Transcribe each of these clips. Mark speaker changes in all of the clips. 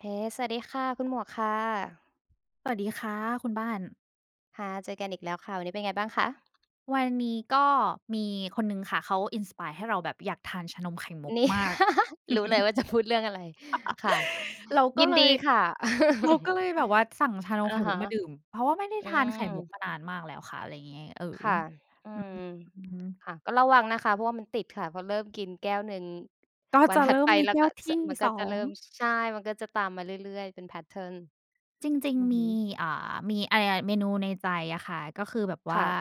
Speaker 1: เฮ้ สวัสดีค่ะ คุณหมวกค่ะ
Speaker 2: สวัสดีค่ะคุณบ้าน
Speaker 1: ค่ะ เจอกันอีกแล้วค่ะ วันนี้เป็นไงบ้างคะ?
Speaker 2: วันนี้ก็มีคนหนึ่งค่ะ เขา inspire ให้เราแบบอยากทานชานมไข่มุก
Speaker 1: นี่
Speaker 2: มาก
Speaker 1: รู้เลยว่าจะพูดเรื่องอะไร ค่ะ
Speaker 2: เราก็
Speaker 1: ยิน
Speaker 2: เล
Speaker 1: ด
Speaker 2: ย
Speaker 1: ีค่ะ
Speaker 2: เราก็เลยแบบว่าสั่งไข่ม
Speaker 1: อะฮ
Speaker 2: ุ
Speaker 1: ะ
Speaker 2: กมาดื่ม เพราะว่าไม่ได้
Speaker 1: อื
Speaker 2: ทานไข่มุก
Speaker 1: ม
Speaker 2: มานานมากแล้วค่ะ อะไรอย่างงี้ เออ
Speaker 1: ค่ะ อื
Speaker 2: อือฮึ
Speaker 1: ม
Speaker 2: อืม
Speaker 1: ค่ะ ก็ระวังนะคะ เพราะว่ามันติดค่ะ พอเริ่มกินแก้วหนึ่ง
Speaker 2: ก็
Speaker 1: วั
Speaker 2: จ
Speaker 1: น
Speaker 2: ะ
Speaker 1: ถ
Speaker 2: เ
Speaker 1: ั
Speaker 2: ร
Speaker 1: ด
Speaker 2: ิ่
Speaker 1: ไ
Speaker 2: ม
Speaker 1: ป
Speaker 2: มี
Speaker 1: แล้
Speaker 2: แ
Speaker 1: ว
Speaker 2: ก้
Speaker 1: ก
Speaker 2: วท
Speaker 1: ส
Speaker 2: ี่
Speaker 1: มันก
Speaker 2: ส
Speaker 1: ็
Speaker 2: อ
Speaker 1: จะเริ
Speaker 2: ง
Speaker 1: ่ม ช ใช่ มันก็จะตามมาเรื่อย ๆ เป็น แพตเทิร์น
Speaker 2: จริง
Speaker 1: อือ
Speaker 2: ๆ ม
Speaker 1: ฮ
Speaker 2: ี
Speaker 1: ึ
Speaker 2: อ่า มี อ ย เมนูในใจอะค่ะ ก็คือแบบว
Speaker 1: ค
Speaker 2: ่
Speaker 1: ่
Speaker 2: า
Speaker 1: ะ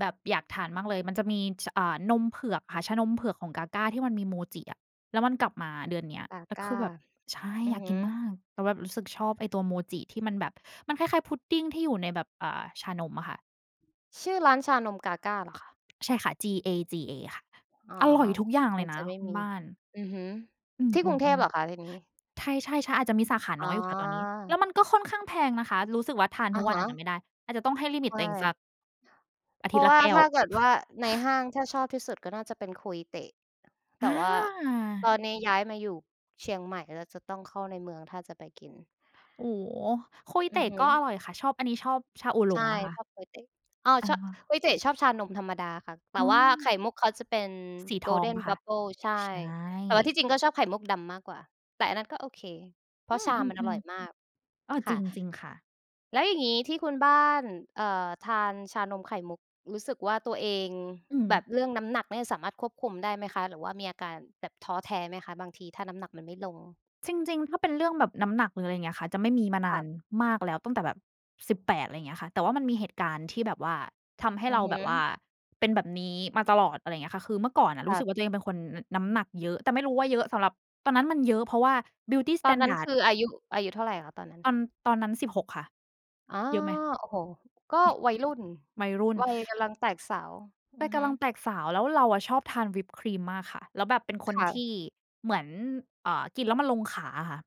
Speaker 2: แบบอยากทานมากเลย มันจะมี ส อ่า นมเผือกค่ะ ชานมเผือกของ GAGA ที่มันมีโมจิอะ แล้วมันกลับมาเดือนเนี้ย แล้วคื
Speaker 1: GAGA
Speaker 2: อแบบ ใช่
Speaker 1: อื
Speaker 2: อย
Speaker 1: อ
Speaker 2: าก
Speaker 1: ฮ
Speaker 2: ก
Speaker 1: ึ
Speaker 2: ินมาก แต่แบบรู้สึกชอบไอ้ตัวโมจิที่มันแบบ มันคล้าย ๆ พุดดิงที่อยู่ในแบบ อ่า ชานมอ่ะค่ะ
Speaker 1: ชื่อร้านชานม GAGA เหรอคะ?
Speaker 2: ใช่ค่ะ จี-เอ-จี-เอ ค่ะ
Speaker 1: อ๋อ
Speaker 2: อร่อยทุกอย่าง
Speaker 1: อ
Speaker 2: เล
Speaker 1: าจ
Speaker 2: ยน
Speaker 1: จ
Speaker 2: ะ
Speaker 1: ะไม่
Speaker 2: คุณ
Speaker 1: มี
Speaker 2: บ้าน
Speaker 1: อือฮึ
Speaker 2: อ
Speaker 1: ที่
Speaker 2: ื
Speaker 1: กรุงเทพ
Speaker 2: ม
Speaker 1: เหรอคะ
Speaker 2: ๆ
Speaker 1: ทีนี้?
Speaker 2: ๆ ใช่ ๆ ช อาจจะมีสาขา
Speaker 1: อ๋
Speaker 2: น
Speaker 1: อ
Speaker 2: ้อยอยู่ค่ะตอนนี้ แล้วมันก็ค่อนข้างแพงนะคะ รู้สึกว่าทานท
Speaker 1: อ
Speaker 2: ุ
Speaker 1: ะ
Speaker 2: กว
Speaker 1: ฮ
Speaker 2: ันอาจจะไ
Speaker 1: ะ
Speaker 2: ม่ได้ อาจจะต้องให้ลิมิ
Speaker 1: ใช
Speaker 2: ตต
Speaker 1: ่
Speaker 2: ัวเองสัก อา
Speaker 1: เพ
Speaker 2: ท
Speaker 1: ร
Speaker 2: ิ
Speaker 1: า
Speaker 2: ตย
Speaker 1: ะ
Speaker 2: ์ล
Speaker 1: ว
Speaker 2: ะ
Speaker 1: ่า
Speaker 2: แก้
Speaker 1: ถ
Speaker 2: ว
Speaker 1: ้าเกิดว่าในห้างถ้าชอบที่สุดก็น่าจะเป็น KOI the แต่ว่า ตอ
Speaker 2: อา
Speaker 1: นนี้ย้ายมาอยู่เชียงใหม่แล้ว จะต้องเข้าในเมืองถ้าจะไปกิน
Speaker 2: โอ้ KOI
Speaker 1: อื
Speaker 2: the
Speaker 1: อฮึ
Speaker 2: ก็อร่อยค่ะ ชอบ อันนี้ชอบชาอู่หล
Speaker 1: ใช่
Speaker 2: งอะค่
Speaker 1: ช
Speaker 2: ะ
Speaker 1: อบ KOI the อ้าว ช
Speaker 2: เออ
Speaker 1: KOI the ชอบชานมธรรมดาค่ะ แต่
Speaker 2: อ๋
Speaker 1: ว่าไ
Speaker 2: อ
Speaker 1: ข่มุกเขาจะเป็น
Speaker 2: สีทองเป
Speaker 1: golden
Speaker 2: ล่าคะ?
Speaker 1: bubble ใช่
Speaker 2: ใช่
Speaker 1: แต่ว่าที่จริงก็ชอบไข่มุกดำมากกว่า แต่อันนั้นก็โอเค เพร
Speaker 2: อ
Speaker 1: า
Speaker 2: ื
Speaker 1: ะชามันอร่
Speaker 2: อ
Speaker 1: อยมา
Speaker 2: ๆ
Speaker 1: ก
Speaker 2: ๆ อ้อ
Speaker 1: ค
Speaker 2: จร
Speaker 1: ่
Speaker 2: ิ
Speaker 1: ะ
Speaker 2: ง จริงค่ะ
Speaker 1: แล้วอย่างงี้ที่คุณบ้าน เอ่อ ทานชานมไข่มุก รู้สึกว่าตัวเอง
Speaker 2: อื
Speaker 1: แบ
Speaker 2: ม
Speaker 1: บเรื่องน้ำหนักเนี่ยสามารถควบคุมได้ไหมคะ หรือว่ามีอาการแบบท้อแท้ไหมคะ บางทีถ้าน้ำหนักมันไม่ลง?
Speaker 2: จริง ๆ ถ้าเป็นเรื่องแบบน้ำหนัก หรืออะไรอย่างเงี้ยค่ะ จะไม่มีมาน
Speaker 1: ค
Speaker 2: า
Speaker 1: ่ะ
Speaker 2: นมากแล้วตั้งแต่แบบ 18 อะไรอย่างเงี้ยค่ะ แต่ว่ามันมีเหตุการณ์ที่แบบว่า ทำให้
Speaker 1: อื
Speaker 2: เร
Speaker 1: อ
Speaker 2: า
Speaker 1: ฮ
Speaker 2: แบบว่า
Speaker 1: ึ
Speaker 2: เป็นแบบนี้มาตลอด อะไรอย่างเงี้ยค่ะ คือเมื่อก่อนอะ
Speaker 1: ค
Speaker 2: รู้
Speaker 1: ่ะ
Speaker 2: สึกว่าตัวเองเป็นคน อ น้ำหนักเยอะ แต่ไม่รู้ว่าเยอะสำหรับ ตอนนั้นมันเยอะเพราะว่า Beauty
Speaker 1: ตอนนั้นค
Speaker 2: Standard
Speaker 1: ืออายุ อายุเท่าไรคะตอนนั้น?
Speaker 2: ตอน ตอนนั้น 16 ค่ะ
Speaker 1: อ๋อ
Speaker 2: เยอะไหม?
Speaker 1: โอ้โฮ! ก็วัยรุ่น
Speaker 2: วัยรุ่น
Speaker 1: วัยกำลังแตกสาว อ
Speaker 2: ว
Speaker 1: ื
Speaker 2: ั
Speaker 1: อ
Speaker 2: ยก
Speaker 1: ฮึ
Speaker 2: ำลังแตกสาว แล้วเราอะชอบทานวิปครีมมากค่ะ แล้วแบบเป็นค
Speaker 1: ค
Speaker 2: น
Speaker 1: ่
Speaker 2: ท
Speaker 1: ะ
Speaker 2: ี่เหมือน เอ่อ กินแล้วมันลงขาอะค่ะ